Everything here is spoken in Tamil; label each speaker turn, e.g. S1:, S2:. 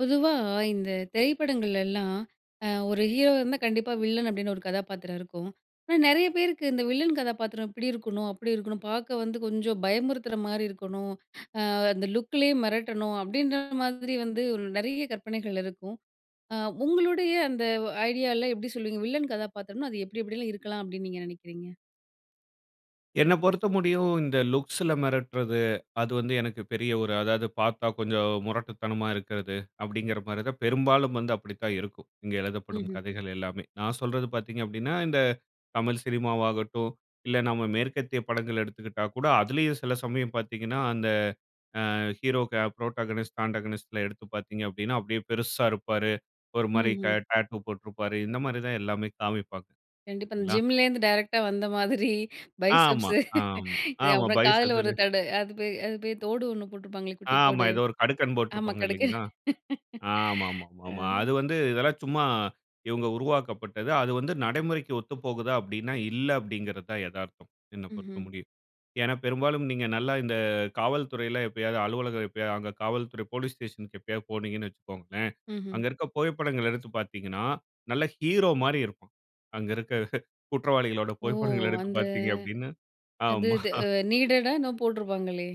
S1: பொதுவா இந்த திரைப்படங்கள்லலாம், அ ஒரு ஹீரோவா இருந்தா கண்டிப்பா வில்லன் அப்டின்னு ஒரு கதாப்பாத்திரம் இருக்கும். ஆனா நெறைய பேருக்கு, இந்த வில்லன் கதாப்பாத்திரம் இப்டி இருக்கணும், அப்டி இருக்கணும், பார்க்க வந்து கொஞ்சம் பயமுறுத்துற மாரி இருக்கணும், ஆ அந்த லுக்குலயே மிரட்டணும் அப்டின்ற மாதிரி வந்து நெறைய கற்பனைகள் இருக்கும். அ உங்களுடைய அந்த ஐடியால எப்டி சொல்லுவீங்க? வில்லன் கதாபாத்திரம் அது எப்டி எப்டிலாம் இருக்கலாம் அப்டின்னு நீங்க நெனைக்கிறீங்க?
S2: என்ன பொறுத்த முடியும் இந்த லுக்ஸ்ல மிரட்டுறது, அது வந்து எனக்கு பெரிய ஒரு அதாவது பார்த்தா கொஞ்சம் முரட்டுத்தனமா இருக்கறது, அப்டிங்குற மாரி தான் பெரும்பாலும் வந்து அப்டித்தான் இருக்கும். இங்க எழுதப்படும்
S1: ம்ஹ்ம்.
S2: கதைகள் எல்லாமே. நான் சொல்றது பார்த்தீங்க அப்டின்னா, இந்த தமிழ் சினிமாவாகட்டும் இல்ல நம்ம மேற்கத்திய படங்கள் எடுத்துக்கிட்டா கூட அதிலேயும் சில சமயம் பார்த்தீங்கன்னா, அந்த ஆ ஹீரோக்கு புரோட்டகோனிஸ்ட், ஆடகோனிஸ்ட் எடுத்து பார்த்தீங்க அப்டின்னா, அப்டியே பெருசா இருப்பாரு. ஒரு மாரி க
S1: ம்ஹ்ம்.
S2: டாட்டூ போட்டுருப்பாரு. இந்த மாரி தான் எல்லாமே காமிப்பாங்கா.
S1: கண்டிப்பா. அந்
S2: சரிங்களா?
S1: ஜிம்லேருந்து டைரக்ட்டா வந்த மாதிரி
S2: ஆமா,
S1: பைசெப்ஸு
S2: ஆமா,
S1: இது
S2: ஆமா.
S1: அப்புறம் காதுல ஒரு
S2: பைசெப்ஸதுலே
S1: தடு அது போய் அது போய் தோடு ஒண்ணு போட்டுருப்பாங்களே குட்டி
S2: ஆமா,
S1: தோடு.
S2: ஏதோ ஒரு கடுக்கன்
S1: ஆமா,
S2: போட்டிருப்பாங்க
S1: கடுக்கன்.
S2: இல்லைங்களா?
S1: அ.
S2: ஆமாமாமா, அது வந்து இதெல்லாம் சும்மா இவங்க உருவாக்கப்பட்டது. அது வந்து நடைமுறைக்கு ஒத்து போகுதா? அப்டின்னா இல்ல அப்டிங்கிறது தான் எதார்த்தம், என்ன பொறுத்த
S1: ம்ஹ்ம்.
S2: முடியும். ஏன்னா, பெரும்பாலும் நீங்க நல்லா இந்த காவல்துறையில எப்போயாது அலுவலகம் எப்போயாது அங்க காவல்துறை போலீஸ் ஸ்டேஷனுக்கு எப்போயாது போனீங்கன்னு வச்சுக்கோங்களேன்.
S1: ம்ஹ்ம்.
S2: அங்க இருக்க புகைப்படங்கள எடுத்து பார்த்தீங்கன்னா, நல்ல ஹீரோ மாரி இருக்கும். அங்க இருக்க குற்றவாளிகளோட
S1: ஓ!
S2: புகைப்படங்கள எடுத்து
S1: அந்த
S2: பார்த்தீங்க அப்டின்னு
S1: அது இது
S2: ஆமா.
S1: அ நீடடா என்னமோ போட்டுருப்பாங்களே?